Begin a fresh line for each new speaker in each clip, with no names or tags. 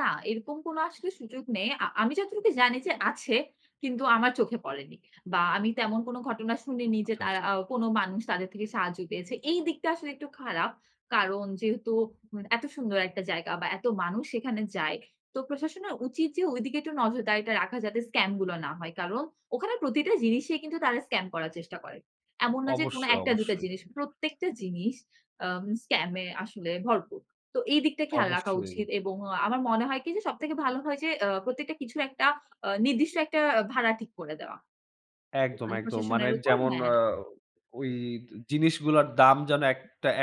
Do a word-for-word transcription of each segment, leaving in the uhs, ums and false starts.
না, এরকম কোনো আসলে সুযোগ নেই। অ্যা আমি যতটুকু জানি যে আছে, কিন্তু আমার চোখে পড়েনি। বা আমি তেমন কোন ঘটনা শুনিনি যে,
আচ্ছা, আচ্ছা।
তারা অ্যা কোন মানুষ তাদের থেকে সাহায্য পেয়েছে। এই দিকটা আসলে একটু খারাপ। কারণ যেহেতু এত সুন্দর একটা জায়গা বা এত মানুষ সেখানে যায়। তো প্রশাসনের উচিত যে, ঐদিকে একটু নজরদারিটা রাখা যাতে স্কাম গুলো না হয়। কারণ ওখানে প্রতিটা জিনিসই কিন্তু তারা স্কাম করার চেষ্টা করে। এমন না যে কোনো
অবশ্যই,
এক টা দুই টা
অবশ্যই।
জিনিস। প্রত্যেকটা জিনিস অ্যা স্কাম এ আসলে ভরপুর। তো এই দিকটা খেয়াল রাখা
অবশ্যই।
উচিত। এবং অ্যা আমার মনে হয় কি যে, সবথেকে ভালো হয় যে, অ্যা প্রত্যেকটা কিছু একটা অ্যা নির্দিষ্ট একটা ভাড়া ঠিক করে দেওয়া।
একদম,
ওখানে
একদম মানে
প্রশাসনের উপর,
যেমন
হ্যাঁ।
অ্যা ওই জিনিসগুলার দাম যেন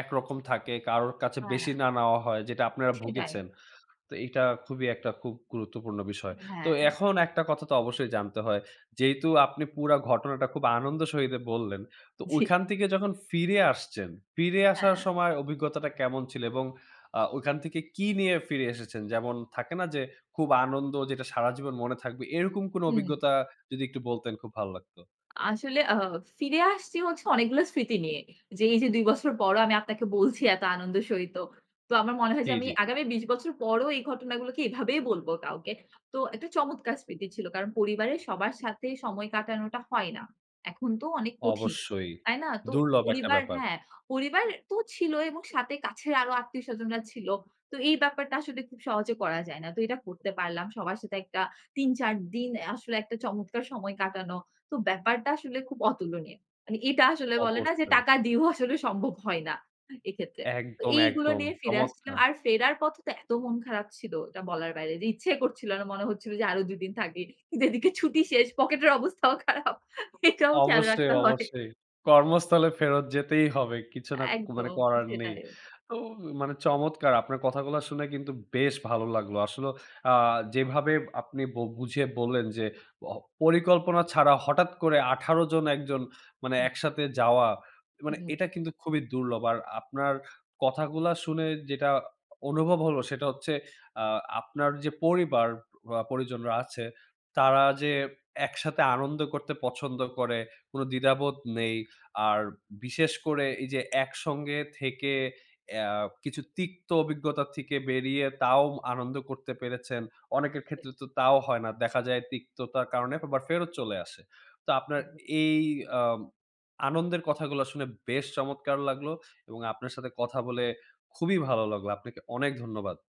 একরকম থাকে, কারো কাছে বেশি
হ্যাঁ।
না নেওয়া হয়, যেটা আপনারা
সেটাই।
ভুগেছেন। তো এটা খুবই একটা খুব গুরুত্বপূর্ণ বিষয়। তো
হ্যাঁ।
এখন একটা কথা তো অবশ্যই জানতে হয়। যেহেতু আপনি পুরা ঘটনাটা খুব আনন্দের সহীতে বললেন, তো
জি।
ঐখান থেকে যখন ফিরে আসছেন, ফিরে আসার
হ্যাঁ।
সময় অভিজ্ঞতাটা কেমন ছিল এবং অ্যা ঐখান থেকে কি নিয়ে ফিরে এসেছেন? যেমন থাকে না যে, খুব আনন্দ যেটা সারাজীবন মনে থাকবে। এরকম কোনো
হুম।
অভিজ্ঞতা যদি একটু বলতেন খুব ভালো লাগতো।
আসলে অ্যা ফিরে আসছি হচ্ছে, অনেকগুলো স্মৃতি নিয়ে। যে এই যে, দুই বছর পরও আমি আপনাকে বলছি এত আনন্দের সহিত। তো আমার মনে হয়
জি,
যে, আমি
জি।
আগামী বিশ বছর পরও এই ঘটনাগুলোকে এভাবেই বলব কাউকে। তো একটা চমৎকার স্মৃতি ছিল। কারণ পরিবারের সবার সাথে সময় কাটানোটা হয় না। এখন তো অনেক কঠিন।
অবশ্যই
তাই না? তো
দুর্লভ একটা
পরিবার
ব্যাপার।
হ্যাঁ, পরিবার তো ছিল এবং সাথে কাছের আরো আত্মীয়স্বজনরা ছিল। তো এই ব্যাপারটা আসলে খুব সহজে করা যায় না। তো এটা করতে পারলাম। সবার সাথে একটা তিন চার দিন আসলে একটা চমৎকার সময় কাটানো। তো ব্যাপারটা আসলে খুব অতুলনীয়। মানে এটা আসলে বলে না যে,
অবশ্যই।
টাকা দিয়েও আসলে সম্ভব হয় না। এক্ষেত্রে। তো
একদম,
এইগুলো
একদম
নিয়ে ফিরে আসছিলাম।
চমৎকার।
আর ফেরার পথে তো এত মন খারাপ ছিল, এটা বলার বাইরে যে ইচ্ছে করছিল না। মনে হচ্ছিল যে আরও দু দিন থাকি। কিন্তু এদিকে ছুটি শেষ। পকেটের অবস্থাও খারাপ। এটাও খেয়াল
অবশ্যই,
রাখতে হয়।
অবশ্যই। কর্মস্থলে ফেরত যেতেই হবে। কিছু না মানে
একদম
করার নেই।
সেটাই।
তো মানে চমৎকার। আপনার কথাগুলো শুনে কিন্তু বেশ ভালো লাগলো। আসলে অ্যা যেভাবে আপনি বু বুঝিয়ে বললেন যে, পরিকল্পনা ছাড়া হঠাৎ করে আঠারো জন, এক জন মানে,
হুম।
একসাথে যাওয়া
হু,
মানে
হুম।
এটা কিন্তু খুবই দুর্লভ। আর আপনার কথাগুলা শুনে যেটা অনুভব হলো, সেটা হচ্ছে, অ্যা আপনার যে, পরিবার পরিজনরা আছে তারা যে একসাথে আনন্দ করতে পছন্দ করে, কোন দ্বিধাবোধ নেই। আর বিশেষ করে এই যে একসঙ্গে থেকে কিছু অ্যা তিক্ত অভিজ্ঞতা থেকে বেরিয়ে, তাও আনন্দ করতে পেরেছেন। অনেকের
জি।
ক্ষেত্রে তো তাও হয় না। দেখা যায়, তিক্ততার কারণে আবার ফেরত চলে আসে। তো আপনার
উ হুম।
এই অ্যা আনন্দের কথাগুলো শুনে, বেশ চমৎকার লাগলো এবং আপনার সাথে কথা বলে খুবই ভালো লাগলো। আপনাকে অনেক ধন্যবাদ।